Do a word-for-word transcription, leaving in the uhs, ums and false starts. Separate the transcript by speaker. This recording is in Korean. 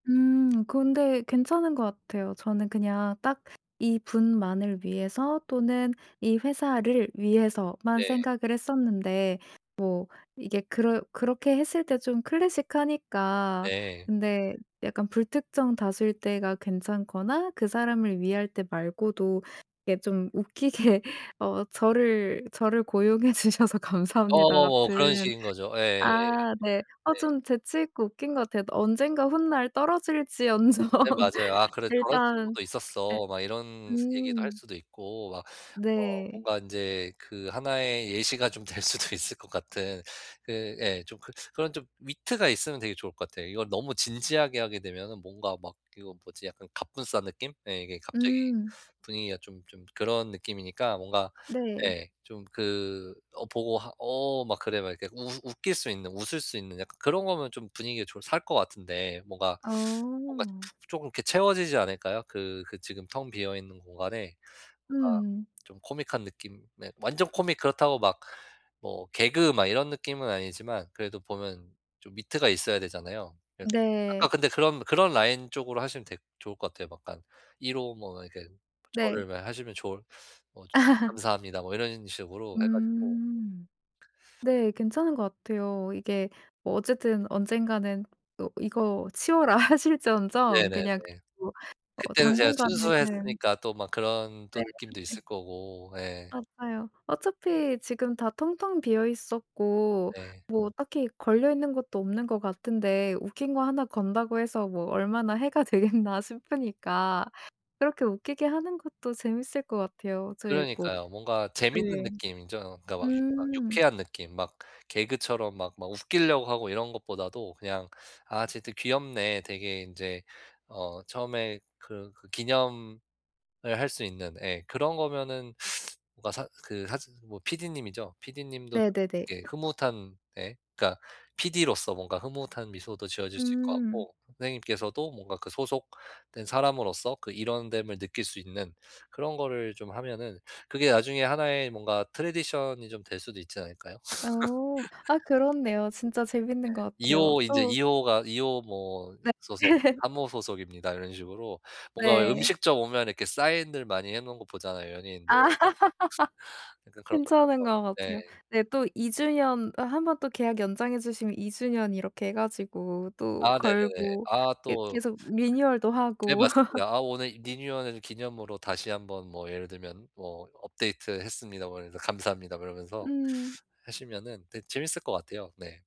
Speaker 1: 음. 근데 괜찮은 것 같아요. 저는 그냥 딱 이 분만을 위해서 또는 이 회사를 위해서만
Speaker 2: 네.
Speaker 1: 생각을 했었는데 뭐 이게 그럴 그렇게 했을 때 좀 클래식하니까
Speaker 2: 네.
Speaker 1: 근데 약간 불특정 다수일 때가 괜찮거나 그 사람을 위할 때 말고도 이게 좀 웃기게 어 '저를 저를 고용해 주셔서 감사합니다.'
Speaker 2: 어어어
Speaker 1: 같은
Speaker 2: 그런 식인 거죠. 예예예.
Speaker 1: 아 네. 어
Speaker 2: 네.
Speaker 1: 좀 재치 있고 웃긴 것 같아요. 언젠가 훗날 떨어질지언정
Speaker 2: 네 맞아요. '아 그래 저런
Speaker 1: 일단은
Speaker 2: 친구도
Speaker 1: 예
Speaker 2: 있었어.' 막 이런 얘기도 할
Speaker 1: 음.
Speaker 2: 수도 있고 막 어
Speaker 1: 네.
Speaker 2: 뭔가 인제 그 하나의 예시가 좀 될 수도 있을 것 같은 그 예 좀 그 그런 좀 위트가 있으면 되게 좋을 것 같아요. 이걸 너무 진지하게 하게 되면은 뭔가 막 이거 뭐지 약간 갑분싸 느낌? 네 이게 갑자기
Speaker 1: 음.
Speaker 2: 분위기가 좀 좀 그런 느낌이니까 뭔가
Speaker 1: 네.
Speaker 2: 예 좀 그 어 보고 하 어 막 그래 막 이렇게 웃 웃길 수 있는 웃을 수 있는 약간 그런 거면 좀 분위기가 좀 살 것 같은데 뭔가 뭔가
Speaker 1: 어.
Speaker 2: 푹 쪼금 이렇게 채워지지 않을까요? 그 그 지금 텅 비어 있는 공간에 뭔가
Speaker 1: 음.
Speaker 2: 좀 코믹한 느낌 네 완전 코믹 그렇다고 막 뭐 개그 막 이런 느낌은 아니지만 그래도 보면 좀 위트가 있어야 되잖아요. 그래서 아까
Speaker 1: 네.
Speaker 2: 근데 그런 그런 라인 쪽으로 하시면 되게 좋을 것 같아요. 막 약간 일 호 뭐 이렇게
Speaker 1: 네.
Speaker 2: 저를 뭐 하시면 좋을 뭐 감사합니다 뭐 이런 식으로 해 가지고
Speaker 1: 음. 네 괜찮은 것 같아요. 이게 뭐 어쨌든 언젠가는 또 '이거 치워라.' 하실지언정
Speaker 2: 네네네.
Speaker 1: 그냥 [unintelligible] 어
Speaker 2: 그때는 제가
Speaker 1: 당분간은
Speaker 2: 순수했으니까 또 막 그런 또
Speaker 1: 네.
Speaker 2: 느낌도
Speaker 1: 네.
Speaker 2: 있을 거고 예.
Speaker 1: 맞아요. 어차피 지금 다 텅텅 비어 있었고
Speaker 2: 네.
Speaker 1: 뭐 딱히 걸려 있는 것도 없는 것 같은데 '웃긴 거 하나 건다고 해서 뭐 얼마나 해가 되겠나.' 싶으니까 그렇게 웃기게 하는 것도 재밌을 것 같아요. 저의 뭐
Speaker 2: 그러니까요. 뭔가 재밌는
Speaker 1: 예.
Speaker 2: 느낌이죠. 그러니까 막 막
Speaker 1: 음.
Speaker 2: 유쾌한 느낌. 막 개그처럼 막 막 웃기려고 하고 이런 것보다도 그냥 '아 쟤들 귀엽네.' 되게 인제 어 처음에 그르 그 기념을 할 수 있는 예 그런 거면은 뭔가 사 그 사즈 즈 뭐 PD님이죠. PD님도
Speaker 1: 네네네.
Speaker 2: 이렇게 흐뭇한 네 그러니까 PD로서 뭔가 흐뭇한 미소도 지어질 수 있을 것
Speaker 1: 음.
Speaker 2: 같고 선생님께서도 뭔가 그 소속된 사람으로서 그 일원 됨을 느낄 수 있는 그런 거를 좀 하면은 그게 나중에 하나의 뭔가 tradition이 좀 될 수도 있지 않을까요?
Speaker 1: 어. 아 그렇네요. 진짜
Speaker 2: 네.
Speaker 1: 재밌는 것
Speaker 2: 이
Speaker 1: 같아요.
Speaker 2: 호 인제
Speaker 1: 또
Speaker 2: 이 호가 이 호 뭐
Speaker 1: 네.
Speaker 2: 소속 삼 호 소속입니다 이런 식으로 뭔가 왜
Speaker 1: 네.
Speaker 2: 음식점 오면 이렇게 사인들 많이 해 놓은 거 보잖아요 연예인들.
Speaker 1: 아.
Speaker 2: 약간 그런
Speaker 1: 괜찮은
Speaker 2: 것처럼
Speaker 1: 것
Speaker 2: 네.
Speaker 1: 같아요. 네. 또 이 주년 또 한 번 또 계약 연장해 주시면 이 주년 이렇게 해 가지고 또
Speaker 2: 아 네네네.
Speaker 1: 걸고
Speaker 2: 아
Speaker 1: 이
Speaker 2: 또
Speaker 1: 계속 리뉴얼도
Speaker 2: 네
Speaker 1: 하고
Speaker 2: 맞습니다. 아 오늘 이 리뉴얼해 준 기념으로 다시 한번 뭐 예를 들면 뭐 "업데이트했습니다." 뭐 이러면서 "감사합니다." 뭐 이러면서
Speaker 1: 음.
Speaker 2: 하시면은 되게 재밌을 것 같아요. 네.